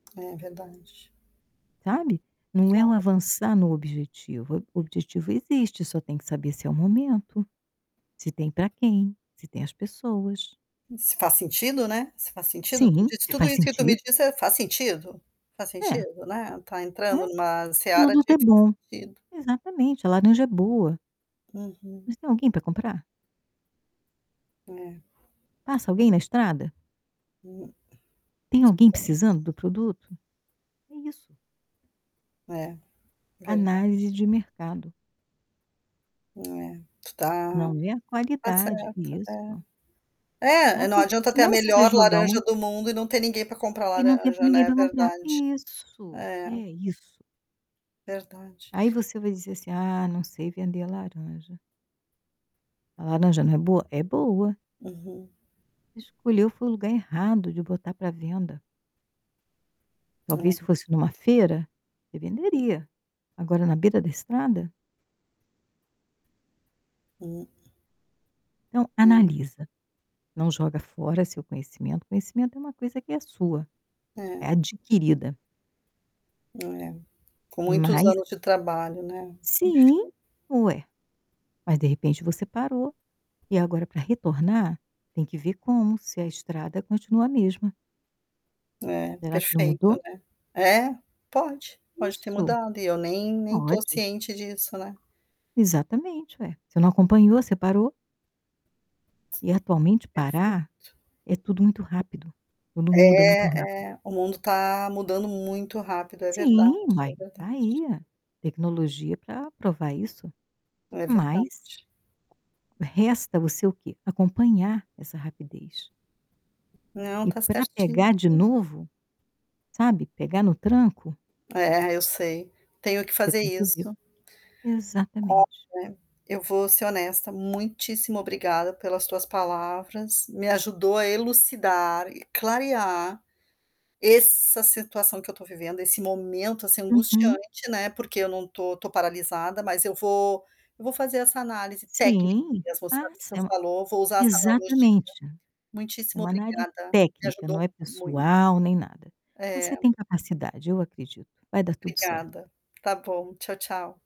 É, verdade. Sabe? Não é o Claro. avançar no objetivo, o objetivo existe, só tem que saber se é o momento, se tem para quem, se tem as pessoas. Se faz sentido, né? Se faz sentido. Tu Sim, disso se tudo faz isso que tu me sentido. disse, eh: "faz sentido? Faz É. sentido", né? Está É. entrando em uma seara Nada de tá "faz bom. sentido". Exatamente, a laranja é boa. Uhum. Mas tem alguém para comprar? É. Passa alguém na estrada? Hum. Tem alguém Que coisa. precisando do produto? É isso. É, verdade. Análise de mercado. É, tu está Não vê a está qualidade, certa, isso. é. É, Sabe, não porque adianta ter a senão você vai melhor jogar laranja uma do mundo e não ter ninguém para comprar E não tem pra laranja, ninguém né, para comprar, verdade. isso, é É. isso. Verdade. Aí você vai dizer assim: "Ah, não sei vender a laranja". A laranja não é boa? É boa. Uhum. Escolheu foi o lugar errado de botar para venda. Talvez, se É. fosse em uma feira, você venderia. Agora, na beira da estrada? Hum. Então, É. analisa, não joga fora seu conhecimento, conhecimento é uma coisa que é sua, é É. adquirida. É, com muitos Mas anos de trabalho, né. Sim, Enfim. ué. Mas, de repente, você parou, e agora para retornar, tem que ver como, se a estrada continua a mesma. É, Será que não perfeito, mudou? né. É? Pode, pode ter Isso. mudado e eu nem nem estou Pode. ciente disso, né. Exatamente, ué, você não acompanhou, você parou. E, atualmente, parar Perfeito. é tudo muito rápido, quando muda muito É, é, rápido. o mundo está mudando muito rápido, é verdade, Sim, mas é e está verdade. aí a tecnologia para provar isso. É Mas verdade. resta você o quê? Acompanhar essa rapidez. Não, E está para certíssima. pegar de novo, sabe, pegar no tranco É, eu sei, tenho que Você fazer tem que ver. isso. Exatamente. Olha, eu vou ser honesta, muitíssimo obrigada pelas tuas palavras, me ajudou a elucidar e clarear essa situação que eu estou vivendo, esse momento, assim, Uhum. angustiante, né, porque eu não estou estou paralisada, mas eu vou eu vou fazer essa análise técnica Sim, mesmo, sabe, que faça, tu é uma falou, vou usar essa analogia. Exatamente. É Muitíssimo uma análise obrigada, me técnica, não ajudou é muito. pessoal, nem nada. Você É. tem capacidade, eu acredito, vai dar tudo certo. Obrigada. Está bom, tchau, tchau.